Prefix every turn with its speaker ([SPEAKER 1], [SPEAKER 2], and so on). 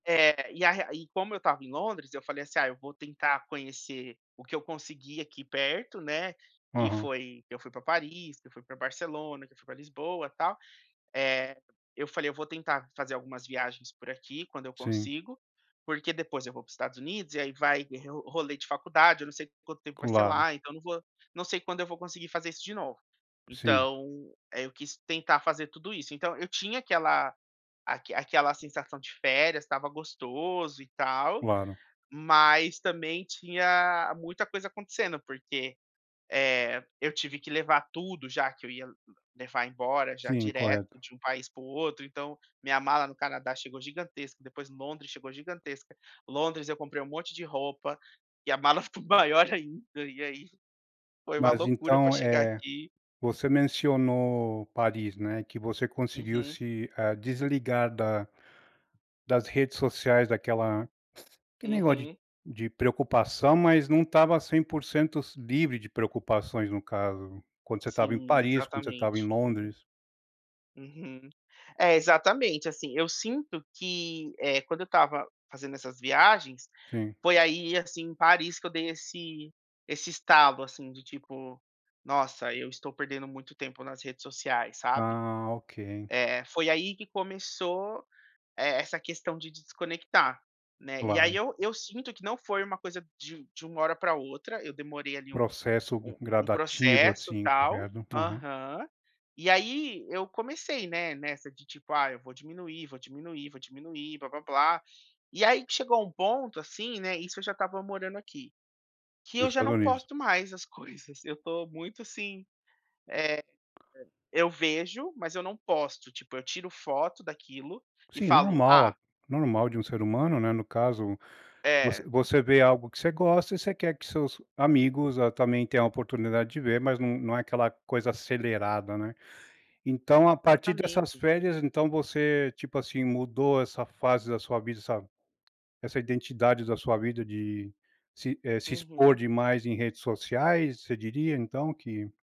[SPEAKER 1] É, e a re e como eu estava em Londres, eu falei, assim: "Ah, eu vou tentar conhecer o que eu conseguir aqui perto", né, que
[SPEAKER 2] Aham.
[SPEAKER 1] foi que eu fui pra Paris, que eu fui pra Barcelona, que eu fui pra Lisboa, tal. Eh, eu falei: "Eu vou tentar fazer algumas viagens por aqui quando eu
[SPEAKER 2] Sim.
[SPEAKER 1] consigo, porque depois eu vou para o Estados Unidos e aí vai re rolê de faculdade, eu não sei quanto tempo vai ser
[SPEAKER 2] Claro.
[SPEAKER 1] lá, então não vou não sei quando eu vou conseguir fazer isso de novo".
[SPEAKER 2] Sim.
[SPEAKER 1] Então aí, eu quis tentar fazer tudo isso. Então eu tinha aquela aque aquela sensação de férias, estava gostoso e tal,
[SPEAKER 2] Claro.
[SPEAKER 1] mas também tinha muita coisa acontecendo, porque, eh, eu tive que levar tudo já que eu ia levar embora já
[SPEAKER 2] Sim,
[SPEAKER 1] direto
[SPEAKER 2] correto.
[SPEAKER 1] de um país para o outro então, minha mala no Canadá chegou gigantesca, depois Londres chegou gigantesca. Londres eu comprei um monte de roupa, e a mala ficou maior ainda e aí, foi uma
[SPEAKER 2] Mas
[SPEAKER 1] loucura para
[SPEAKER 2] então,
[SPEAKER 1] chegar
[SPEAKER 2] eh,
[SPEAKER 1] aqui
[SPEAKER 2] você mencionou Paris, né, que você conseguiu
[SPEAKER 1] Uhum.
[SPEAKER 2] se, eh, desligar da das redes sociais daquela aquele negócio de
[SPEAKER 1] Uhum.
[SPEAKER 2] de preocupação, mas não estava 100% livre de preocupações no caso, quando você estava em
[SPEAKER 1] Sim,
[SPEAKER 2] Paris, quando você estava em
[SPEAKER 1] exatamente. Uhum.
[SPEAKER 2] Londres.
[SPEAKER 1] Uhum. É, exatamente. Assim, eu sinto que, eh, quando eu estava fazendo essas viagens,
[SPEAKER 2] Sim.
[SPEAKER 1] foi aí assim, em Paris que eu dei esse esse estalo assim, de tipo: "Nossa eu estou perdendo muito tempo nas redes sociais", sabe.
[SPEAKER 2] Ah, ok.
[SPEAKER 1] É, foi aí que começou e essa questão de desconectar, né. E aí
[SPEAKER 2] Claro.
[SPEAKER 1] eu eu sinto que não foi uma coisa de um de uma hora para outra, eu demorei ali um
[SPEAKER 2] Processo g
[SPEAKER 1] um um
[SPEAKER 2] gradativo,
[SPEAKER 1] processo,
[SPEAKER 2] assim.
[SPEAKER 1] tal.
[SPEAKER 2] Correto, aham.
[SPEAKER 1] Aham. E aí eu comecei, né, nessa de, tipo: "Ah, eu vou diminuir, vou diminuir, vou diminuir, blá-blá-blá". E aí que chegou um ponto, assim, né isso eu já estava morando aqui, que
[SPEAKER 2] No
[SPEAKER 1] eu já
[SPEAKER 2] Estados
[SPEAKER 1] não
[SPEAKER 2] Unidos.
[SPEAKER 1] posto mais as coisas, eu estou muito, assim, eh, e eu vejo, mas eu não posto, tipo, eu tiro foto daquilo e
[SPEAKER 2] Sim,
[SPEAKER 1] falo:
[SPEAKER 2] normal
[SPEAKER 1] "Ah"
[SPEAKER 2] a normal de um ser humano, né. No caso, você
[SPEAKER 1] É.
[SPEAKER 2] você vê algo que você gosta e você quer que seus amigos, ah, também tenham a oportunidade de ver mas não não é aquela coisa acelerada, né. Então a partir dessas
[SPEAKER 1] Exatamente.
[SPEAKER 2] férias então você, tipo, assim, mudou essa fase da sua vida essa essa identidade da sua vida de se eh, se expor
[SPEAKER 1] Uhum.
[SPEAKER 2] demais em redes sociais? Você diria, então que